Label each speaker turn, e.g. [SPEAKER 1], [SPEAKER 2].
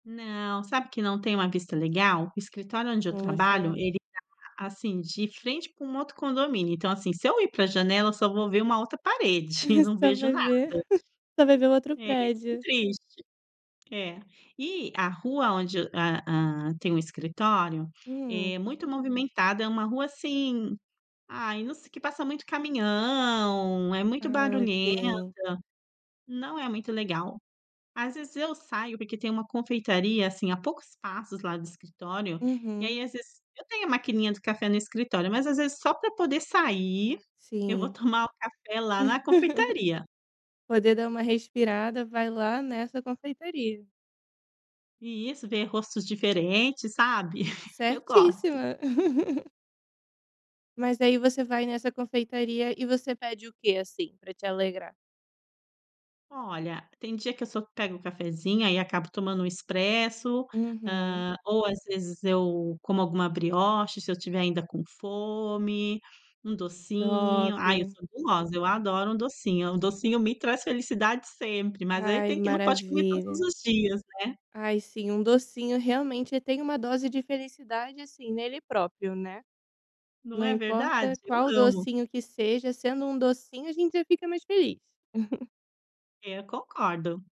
[SPEAKER 1] Não, sabe que não tem uma vista legal. O escritório onde eu trabalho
[SPEAKER 2] Poxa.
[SPEAKER 1] ele tá, assim, de frente pra um outro condomínio. Então, assim, se eu ir pra janela só vou ver uma outra parede e não
[SPEAKER 2] Só
[SPEAKER 1] vejo
[SPEAKER 2] vai ver
[SPEAKER 1] nada.
[SPEAKER 2] só vai ver o outro
[SPEAKER 1] É, e é bem
[SPEAKER 2] prédio.
[SPEAKER 1] triste. É. E a rua onde a hã, tem o escritório,
[SPEAKER 2] Hum.
[SPEAKER 1] é muito movimentada, é uma rua, assim, ai, não se que passa muito caminhão, é muito
[SPEAKER 2] Ah,
[SPEAKER 1] barulhenta,
[SPEAKER 2] ok.
[SPEAKER 1] não é muito legal. Às vezes eu saio, porque tem uma confeitaria, assim, a poucos passos lá do escritório, e,
[SPEAKER 2] Uhum.
[SPEAKER 1] aí às vezes eu tenho a maquininha do café no escritório, mas às vezes só pra poder sair, eu vou
[SPEAKER 2] Sim.
[SPEAKER 1] tomar o café lá na confeitaria.
[SPEAKER 2] Poder dar uma respirada, vai lá nessa confeitaria.
[SPEAKER 1] Isso, ver rostos diferentes, sabe. Eu gosto.
[SPEAKER 2] Certíssima. Mas, aí você vai nessa confeitaria, e você pede o quê, assim, pra te alegrar?
[SPEAKER 1] Olha, tem dia que eu só pego o cafezinho, aí acabo tomando um expresso,
[SPEAKER 2] Uhum.
[SPEAKER 1] hã, ou, às vezes, eu como alguma brioche se eu estiver ainda com fome, um docinho.
[SPEAKER 2] Top.
[SPEAKER 1] Ai eu sou gulosa, eu adoro um docinho, um docinho me traz felicidade sempre, mas aí
[SPEAKER 2] Ai,
[SPEAKER 1] tem que não pode comer todos
[SPEAKER 2] maravilha.
[SPEAKER 1] os dias, né.
[SPEAKER 2] Ai sim, um docinho, realmente, tem uma dose de felicidade, assim, nele próprio, né.
[SPEAKER 1] Não
[SPEAKER 2] Não
[SPEAKER 1] é
[SPEAKER 2] importa
[SPEAKER 1] verdade. Eu
[SPEAKER 2] qual
[SPEAKER 1] amo.
[SPEAKER 2] docinho que seja, sendo um docinho, a gente fica mais feliz.
[SPEAKER 1] É, concordo.